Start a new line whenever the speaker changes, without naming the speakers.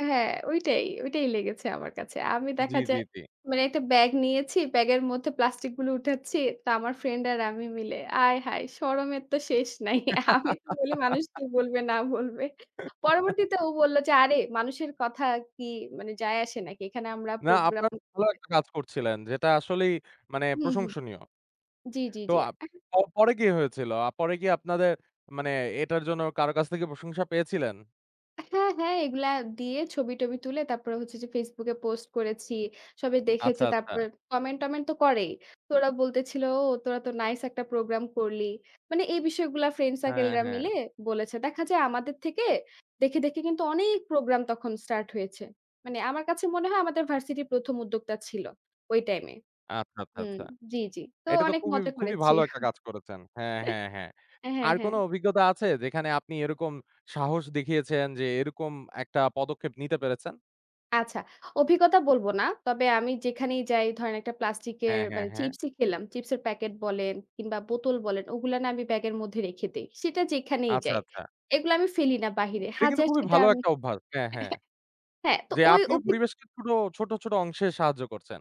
হ্যাঁ, ওইটাই, ওইটাই লেগেছে আমার কাছে। আমি
জি,
দেখা
জি,
যায়
জি।
মানে একটা ব্যাগ নিয়েছি, ব্যাগের মধ্যে প্লাস্টিক গুলো উঠাচ্ছি। তো আমার ফ্রেন্ড আর আমি মিলে আয় হায় শরমের তো শেষ নাই। আমি তো বলি মানুষ কি বলবে না বলবে। পরবর্তীতে ও বলল যে, আরে মানুষের কথা কি মানে যাই আসে নাকি? এখানে আমরা
না
প্রোগ্রাম
আপনারা ভালো
করে
একটা কাজ করছিলেন যেটা আসলেই মানে
হুম, হুম
প্রশংসনীয়।
জি, জি,
তো
জি,
আ
এহ
পরে কি হয়েছিল? পরে কি আপনাদের মানে এটার জন্য কারো কাছ থেকে প্রশংসা পেয়েছিলেন?
হ্যাঁ, হ্যাঁ, এগুলা দিয়ে ছবি-টবি তুলে তারপরে হচ্ছে যে ফেসবুকে পোস্ট করেছি, সবাই
আচ্ছা,
দেখেছে,
আচ্ছা।
তারপরে কমেন্ট-টমেন্ট তো করেই। তো ওরা বলতেছিল "তোরা তো নাইস একটা প্রোগ্রাম করলি।" মানে এই বিষয়গুলা ফ্রেন্ড
হ্যাঁ,
সার্কেলরা
হ্যাঁ।
মিলে বলেছে। দেখা যায় আমাদের থেকে দেখে, দেখে কিন্তু অনেক প্রোগ্রাম তখন স্টার্ট হয়েছে। মানে আমার কাছে মনে হয় আমাদের ভার্সিটির প্রথম উদ্যোক্তা ছিল। ওই টাইমে।
আচ্ছা, আচ্ছা,
হুম,
আচ্ছা
জি, জি, তো
এটা তো
অনেক
খুবই
মজা
খুবই
করেছি
ভালো একটা কাজ করেছেন। হ্যাঁ, হ্যাঁ, হ্যাঁ
হ্যাঁ,
আর
হ্যাঁ।
কোনো অভিজ্ঞতা আছে যেখানে আপনি এরকম সাহস দেখিয়েছেন যে এরকম একটা পদক্ষেপ নিতে পেরেছেন?
আচ্ছা, অভিজ্ঞতা বলব না। তবে আমি যেখানেই যাই ধরেন একটা প্লাস্টিক এর
হ্যাঁ, হ্যাঁ,
মানে
হ্যাঁ।
চিপসই খেলাম। চিপস এর প্যাকেট বলেন কিংবা বোতল বলেন ওগুলা না আমি ব্যাগের মধ্যে রেখে দেই, সেটা যেখানেই
আচ্ছা,
যাই
আচ্ছা।
এগুলা আমি ফেলি না বাইরে
এটা কিন্তু
হাজার
খুবই
সেটা
ভালো
আমি।
একটা অভ্যাস হ্যাঁ, হ্যাঁ।
হ্যাঁ, তো
যে
ওই
আপনিও
অভিগ
পরিবেশকে ছোট, ছোট, ছোট অংশে সাহায্য করছেন।